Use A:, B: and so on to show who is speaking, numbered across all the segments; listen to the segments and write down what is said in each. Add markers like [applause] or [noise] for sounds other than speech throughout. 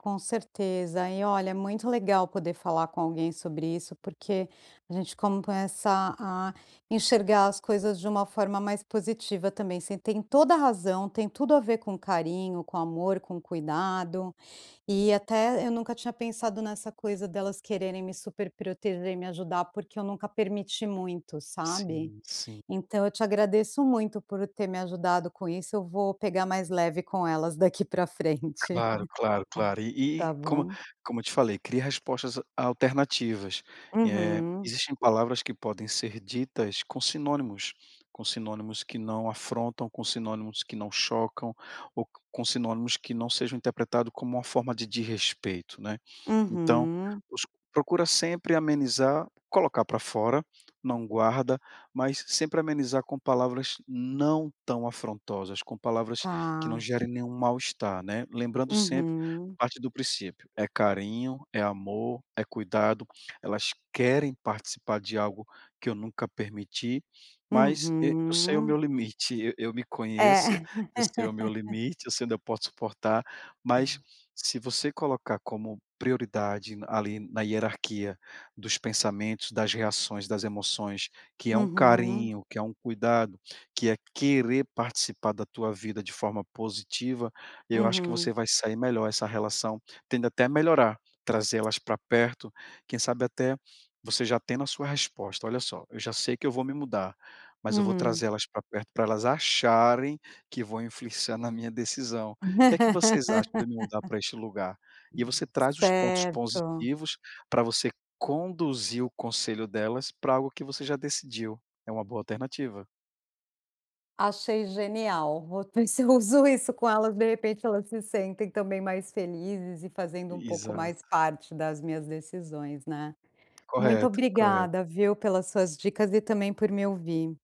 A: Com certeza, e olha, muito legal poder falar com alguém sobre isso, porque a gente começa a enxergar as coisas de uma forma mais positiva também. Você tem toda a razão, tem tudo a ver com carinho, com amor, com cuidado, e até eu nunca tinha pensado nessa coisa delas quererem me superproteger e me ajudar, porque eu nunca permiti muito, sabe.
B: Sim, sim.
A: Então eu te agradeço muito por ter me ajudado com isso, eu vou pegar mais leve com elas daqui pra frente.
B: Claro, claro, claro,
A: [chuckles]
B: e e
A: Tá
B: como
A: bom?
B: como eu te falei, cria respostas a alternativas. Eh,
A: Uhum.
B: existem palavras que podem ser ditas com sinônimos. Com sinônimos que não afrontam, com sinônimos que não chocam, ou co com sinônimos que não sejam interpretados como uma forma de desrespeito, né. Então,
A: Uhum.
B: poxa, procura sempre amenizar, colocar pra fora, não guarda, mas sempre amenizar com palavras não tão afrontosas, com palavras que não
A: Tá.
B: gerem nenhum mal-estar, né. Lembrando sempre,
A: Uhum.
B: parte do princípio, é carinho, é amor, é cuidado, "elas querem participar de algo que eu nunca permiti, mas, e, eu sei o meu
A: Uhum.
B: limite. Eu eu me conheço,
A: É.
B: eu sei o meu
A: [laughs]
B: limite, eu sei onde eu posso suportar", mas se você colocar como prioridade na ali, na hierarquia dos pensamentos, das reações, das emoções, que é um
A: Uhum.
B: carinho, que é um cuidado, que é querer participar da tua vida de forma positiva, eu acho que você
A: Uhum.
B: vai se sair melhor, essa relação tende até a melhorar, trazê-las pra perto. Quem sabe até, você já tendo a sua resposta, olha só, "eu já sei que eu vou me mudar, mas eu vou
A: Uhum.
B: trazer elas pra perto pra elas acharem que vão influenciar na minha decisão. O que que vocês acham de eu me mudar
A: [laughs]
B: pra este lugar?". E você traz os pontos
A: Certo.
B: positivos, pra você conduzir o conselho delas pra algo que você já decidiu. É uma boa alternativa.
A: Achei genial. Vou [chuckles] ver se uso isso com elas, de repente elas se sentem, também, mais felizes e fazendo um pouco
B: Exato.
A: mais parte das minhas decisões, né. Muito
B: Correto, correto.
A: obrigada, viu, pelas suas dicas e também por me ouvir.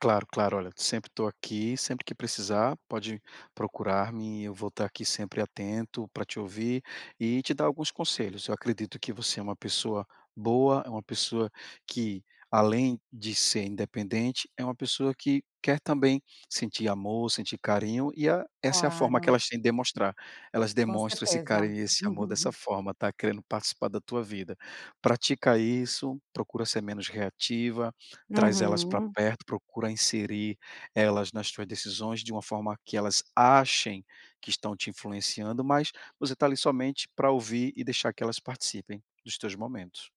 B: Claro, claro. Olha, sempre estou aqui, sempre que precisar pode procurar-me, e eu vou estar aqui sempre atento pra te ouvir e te dar alguns conselhos. Eu acredito que você é uma pessoa boa, é uma pessoa que, além de ser independente, é uma pessoa que quer também sentir amor, sentir carinho e a essa é a forma que
A: Claro.
B: elas têm de demonstrar. Elas
A: Com
B: demonstram esse
A: certeza.
B: carinho e esse amor dessa
A: [laughs]
B: forma, tá, querendo participar da tua vida. Pratica isso, procura ser menos reativa, traz elas pra
A: Uhum.
B: perto, procura inserir elas nas tuas decisões de uma forma que elas achem que estão te influenciando, mas você está, ali, somente pra ouvir e deixar que elas participem dos teus momentos.